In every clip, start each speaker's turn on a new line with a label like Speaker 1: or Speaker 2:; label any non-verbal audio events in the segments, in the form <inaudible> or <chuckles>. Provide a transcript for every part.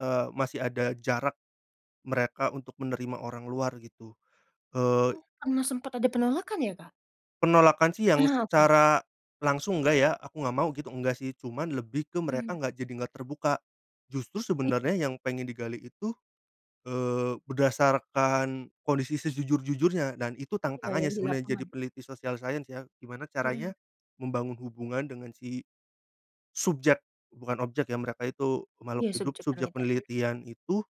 Speaker 1: Eee, masih ada jarak, mereka untuk menerima orang luar gitu. Eee
Speaker 2: Oh, pernah sempat ada penolakan ya, Kak?
Speaker 1: penolakan sih yang
Speaker 2: Ah, oke.
Speaker 1: secara langsung nggak ya, "aku nggak mau" gitu, enggak sih cuman lebih ke mereka
Speaker 2: Mhm.
Speaker 1: nggak jadi nggak terbuka. Justru
Speaker 2: Oh iya.
Speaker 1: sebenarnya yang pengen digali itu, eee, berdasarkan kondisi sejujur-jujurnya. Dan itu
Speaker 2: Ini ya,
Speaker 1: tantangannya
Speaker 2: yang di
Speaker 1: sebenarnya jadi
Speaker 2: lapangan.
Speaker 1: peneliti sosial science ya. Gimana
Speaker 2: Mhm.
Speaker 1: caranya membangun hubungan dengan si subjek, bukan objek ya mereka itu makhluk
Speaker 2: Iya
Speaker 1: hidup,
Speaker 2: subjek
Speaker 1: subjek
Speaker 2: penelitian. Mhm.
Speaker 1: penelitian itu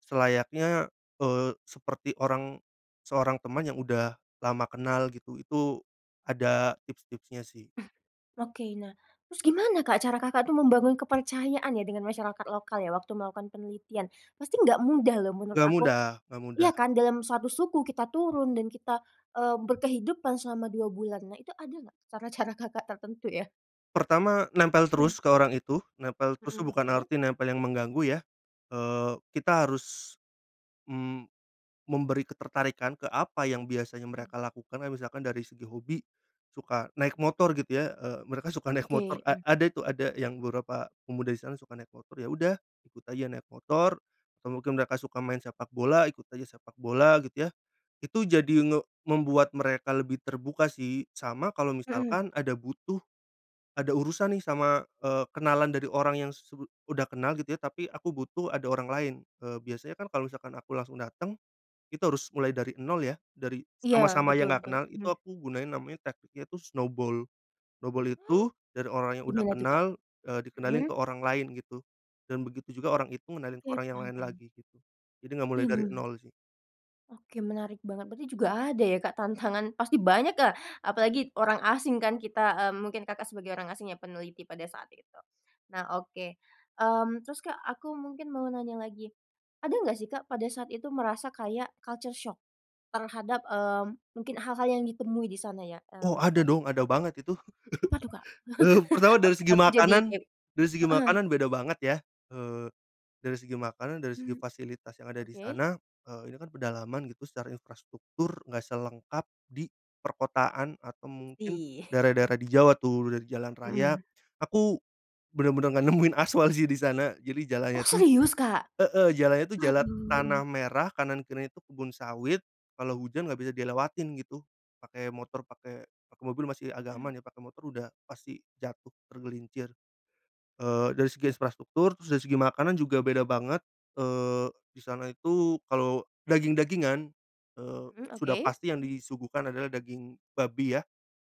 Speaker 1: selayaknya, eee, seperti orang, seorang teman yang udah lama kenal gitu, itu ada tips-tipsnya sih.
Speaker 2: Oke nah, terus gimana Kak cara Kakak itu membangun kepercayaan ya dengan masyarakat lokal ya waktu melakukan penelitian, pasti nggak mudah loh menurut
Speaker 1: Nggak
Speaker 2: aku
Speaker 1: mudah nggak
Speaker 2: iya
Speaker 1: mudah.
Speaker 2: kan, dalam satu suku kita turun dan kita, eee, berkehidupan selama 2 bulan. Nah itu ada nggak, cara-cara Kakak tertentu ya?
Speaker 1: Pertama, nempel
Speaker 2: Mhm.
Speaker 1: terus ke orang itu, nempel terus tuh
Speaker 2: Mhm,
Speaker 1: bukan
Speaker 2: oke.
Speaker 1: arti nempel yang mengganggu ya. Eee, kita harus, mmm, memberi ketertarikan ke apa yang biasanya
Speaker 2: Hmm.
Speaker 1: mereka lakukan. Kayak misalkan dari segi hobi, suka naik motor gitu ya, eee, mereka suka naik motor,
Speaker 2: Oke.
Speaker 1: a
Speaker 2: Mhm.
Speaker 1: ada itu ada yang beberapa pemuda di sana suka naik motor. Yaudah, ikut aja naik motor, atau mungkin mereka suka main sepak bola, ikut aja sepak bola gitu ya. Itu jadi, nge membuat mereka lebih terbuka sih, sama kalo
Speaker 2: Mhm.
Speaker 1: misalkan ada butuh, ada urusan nih sama, eee, kenalan dari orang yang su udah kenal gitu ya, tapi aku butuh ada orang lain. Eee, biasanya kan kalo misalkan aku langsung dateng, itu harus mulai dari nol ya, dari
Speaker 2: Iya,
Speaker 1: sama sama
Speaker 2: betul
Speaker 1: yang nggak
Speaker 2: betul.
Speaker 1: kenal, itu
Speaker 2: Mhm.
Speaker 1: aku gunain namanya tekniknya itu snowball, snowball
Speaker 2: Oh,
Speaker 1: itu dari orang yang udah
Speaker 2: gimana tuh, Kak?
Speaker 1: kenal, eee, dikenalin
Speaker 2: Mhm.
Speaker 1: ke orang lain gitu. Dan begitu juga orang itu ngenalin ke
Speaker 2: Oke,
Speaker 1: orang yang
Speaker 2: paham
Speaker 1: lain
Speaker 2: paham.
Speaker 1: lagi, jadi nggak mulai dari
Speaker 2: Mhm.
Speaker 1: nol sih.
Speaker 2: Oke menarik banget, berarti juga ada ya Kak tantangan pasti banyak ya, apalagi orang asing kan kita, eee, mungkin Kakak sebagai orang asing ya peneliti pada saat itu. Nah oke, mmm, terus Kak aku mungkin mau nanya lagi. Ada nggak sih Kak pada saat itu merasa kayak culture shock terhadap, eee, mungkin hal-hal yang ditemui di sana ya,
Speaker 1: Oh
Speaker 2: mmm,
Speaker 1: ada
Speaker 2: tadi?
Speaker 1: dong, ada banget itu.
Speaker 2: Oh apa tuh Kak,
Speaker 1: <laughs> Eee, pertama
Speaker 2: <chuckles> ak
Speaker 1: dari segi
Speaker 2: aku jadi
Speaker 1: makanan,
Speaker 2: kep
Speaker 1: dari segi
Speaker 2: heeh.
Speaker 1: makanan beda banget ya, eee, dari segi makanan, dari segi
Speaker 2: Mhm.
Speaker 1: fasilitas yang ada di
Speaker 2: Oke.
Speaker 1: sana. Eee, ini kan pedalaman gitu secara infrastruktur nggak selengkap di perkotaan atau mungkin
Speaker 2: Ih.
Speaker 1: daerah-daerah di Jawa tuh, dari jalan raya,
Speaker 2: Mhm.
Speaker 1: aku benar-benar nggak nemuin aspal sih di sana. Jadi
Speaker 2: Oh
Speaker 1: jalannya tuh
Speaker 2: serius, Kak?
Speaker 1: heeh, jalannya tuh jalan tanah
Speaker 2: Waduh.
Speaker 1: merah, kanan kirinya itu kebun sawit, kalau hujan nggak bisa dilewatin gitu. Pakai motor, pakai pakai mobil masih agak aman
Speaker 2: Mmm.
Speaker 1: ya, pakai motor udah pasti jatuh tergelincir. Eee, dari segi infrastruktur, terus dari segi makanan juga beda banget. Eee, di sana itu kalau daging-dagingan, eee,
Speaker 2: Hmm
Speaker 1: sudah
Speaker 2: oke.
Speaker 1: pasti yang disuguhkan adalah daging babi ya.